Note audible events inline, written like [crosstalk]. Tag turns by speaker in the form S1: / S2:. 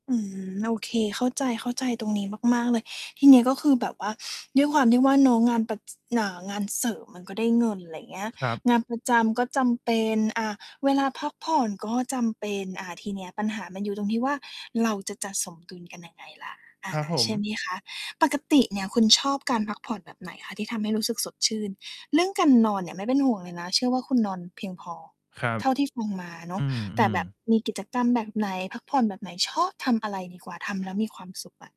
S1: อืม โอเค เข้าใจ เข้าใจตรงนี้มาก ๆ เลย ทีเนี้ยก็คือแบบว่า [sniffs] ด้วยความที่ว่า เนาะ งานแบบ อ่า งานเสริมมั
S2: อ
S1: น
S2: ื
S1: ก็
S2: ม
S1: ได้เงิน ไรเงี้ย
S2: ครับ
S1: งานประจำก็จำเป็น อ่า เวลาพักผ่อนก็จำเป็น อา ทีเนี้ยปัญหามันอยู่ตรงที่ว่า เราจะจัดสมดุลกันยังไง ล่ะ อ
S2: ค
S1: า
S2: รับผ
S1: ใช่
S2: ม
S1: ไหมคะ? ปกติเนี่ยคุณชอบการพักผ่อนแบบไหนคะ? ที่ทำให้รู้สึกสดชื่น เรื่องการนอนเนี่ยไม่เป็นห่วงเลยนะ เชื่อว่า คุณนอนเพียงพอ
S2: ครับ
S1: เท่าที่ฟังมาเน
S2: อ
S1: า
S2: ื
S1: ะ แต่แ
S2: อ
S1: บบ
S2: ๆ
S1: มีกิจกรรมแบบไหน? พักผ่อนแบบไหน? ชอบทำอะไรดีกว่า ทำแล้วมีความสุขอะ